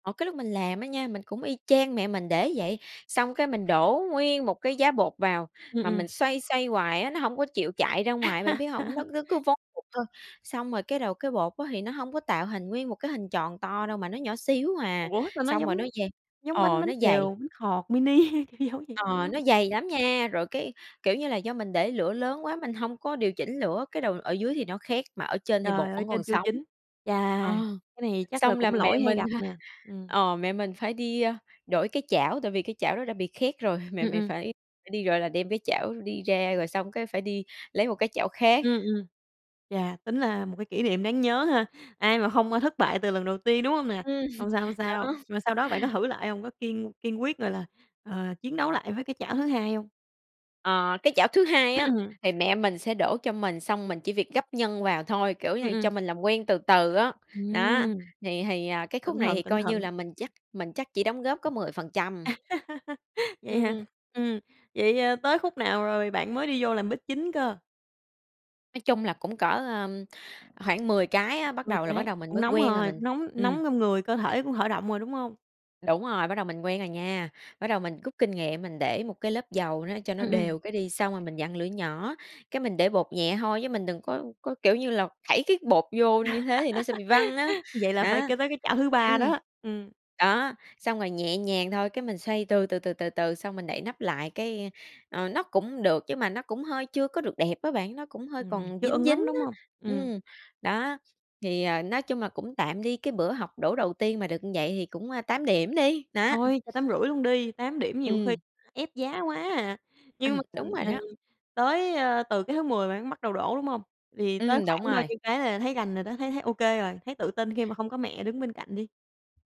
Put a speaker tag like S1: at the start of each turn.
S1: Ờ, cái lúc mình làm á nha mình cũng y chang mẹ mình để vậy, xong cái mình đổ nguyên một cái giá bột vào
S2: Ừm,
S1: mà
S2: ừm.
S1: mình xoay, xoay hoài á nó hổng có chịu chạy ra ngoài, bạn biết hông? Nó cứ cứ vón cục thôi, xong rồi cái đầu cái bột á thì nó hông có tạo hình nguyên một cái hình tròn to đâu mà nó nhỏ xíu à,
S2: Ủa, sao nó
S1: xong rồi nó
S2: giống
S1: dày
S2: giống bánh
S1: ờ,
S2: bánh
S1: nó dày.
S2: xèo, bánh khọt mini kiểu giống vậy dữ
S1: Ờ,
S2: lắm.
S1: nó dày lắm nha rồi cái kiểu như là do mình để lửa lớn quá mình hông có điều chỉnh lửa cái đầu ở dưới thì nó khét mà ở trên thì bột
S2: Trời, ở
S1: vẫn còn
S2: trên chưa
S1: sống.
S2: chín. Chà!
S1: Ờ,
S2: Cái này chắc là
S1: xong là
S2: cũng
S1: mẹ
S2: lỗi hay
S1: mình
S2: gặp
S1: ha
S2: nè, ừm.
S1: ờ mẹ mình phải đi, ơ, đổi cái chảo tại vì cái chảo đó đã bị khét rồi, mẹ
S2: Ừm,
S1: mình
S2: ừm.
S1: phải đi, gọi là, đem cái chảo đi ra rồi xong cái phải đi lấy một cái chảo khác.
S2: Ừm, ừm. Chà, tính là một cái kỷ niệm đáng nhớ ha, ai mà hông, ơ, thất bại từ lần đầu tiên, đúng hông nè?
S1: Ừm,
S2: Hông sao, hông sao.
S1: đó.
S2: Mà sau đó bạn có thử lại hông? Có kiên kiên quyết, gọi là, à, chiến đấu lại với cái chảo thứ 2 hông?
S1: Ờ, cái chảo thứ 2 á thì mẹ mình sẽ đổ cho mình xong mình chỉ việc gắp nhân vào thôi, kiểu như
S2: Ừm,
S1: là, cho
S2: ừm.
S1: mình làm quen từ từ á, đó,
S2: Ừm.
S1: thì thì, ờ, cái khúc
S2: Cẩn
S1: này
S2: thận,
S1: thì
S2: cẩn
S1: coi như
S2: thận.
S1: là mình chắc mình chắc chỉ đóng góp có 10%.
S2: Vậy hả?
S1: Ừm.
S2: Ừm, vậy, ơ, tới khúc nào rồi bạn mới đi vô làm bếp chính cơ?
S1: Nói chung là cũng cỡ, ờ, khoảng 10 cái á, bắt
S2: 10
S1: đầu là bắt
S2: cái,
S1: đầu mình
S2: cũng
S1: mới
S2: nóng
S1: quen rồi
S2: rồi,
S1: mình
S2: cũng nóng
S1: ừm.
S2: nóng trong người, cơ thể cũng khởi động rồi đúng hông?
S1: Đúng rồi, bắt đầu mình quen rồi nha, bắt đầu mình gút kinh nghiệm mình để 1 cái lớp dầu nó cho nó
S2: Ừm, ừm.
S1: đều cái đi xong rồi mình vặn lửa nhỏ, cái mình để bột nhẹ hôi chứ mình đừng có có, kiểu như là, thảy cái bột vô như thế thì nó sẽ bị văng á,
S2: Vậy là phải
S1: đó,
S2: kê tới cái chảo thứ 3
S1: ừm.
S2: đó. Ừm.
S1: Đó, xong rồi nhẹ nhàng thôi, cái mình xoay từ, từ, từ, từ, từ xong mình đậy nắp lại cái, ờ, nó cũng được nhưng mà nó cũng hơi chưa có được đẹp á bạn, nó cũng hơi
S2: Ừm,
S1: còn
S2: chưa
S1: dính,
S2: ưng
S1: dính
S2: lắm, đúng hông?
S1: á,
S2: Ừm.
S1: ừm, đó, thì, ờ, nói chung là cũng tạm đi, cái bữa học đổ đầu tiên mà được như vậy thì cũng, ơ, 8 điểm đi, nó, ừm.
S2: Thôi cho 8,5 luôn đi, 8 điểm nhiều khi
S1: Ừm.
S2: ép giá quá à. Nhưng mà
S1: Ừm, đúng rồi đó.
S2: [unintelligible] tới, ơ, từ cái thứ 10 bạn bắt đầu đổ đúng hông? Thì tới
S1: Ừm, đúng
S2: khoảng bao
S1: rồi.
S2: nhiêu cái là thấy rành rồi đó? Thấy thấy OK rồi? Thấy tự tin khi mà không có mẹ đứng bên cạnh đi?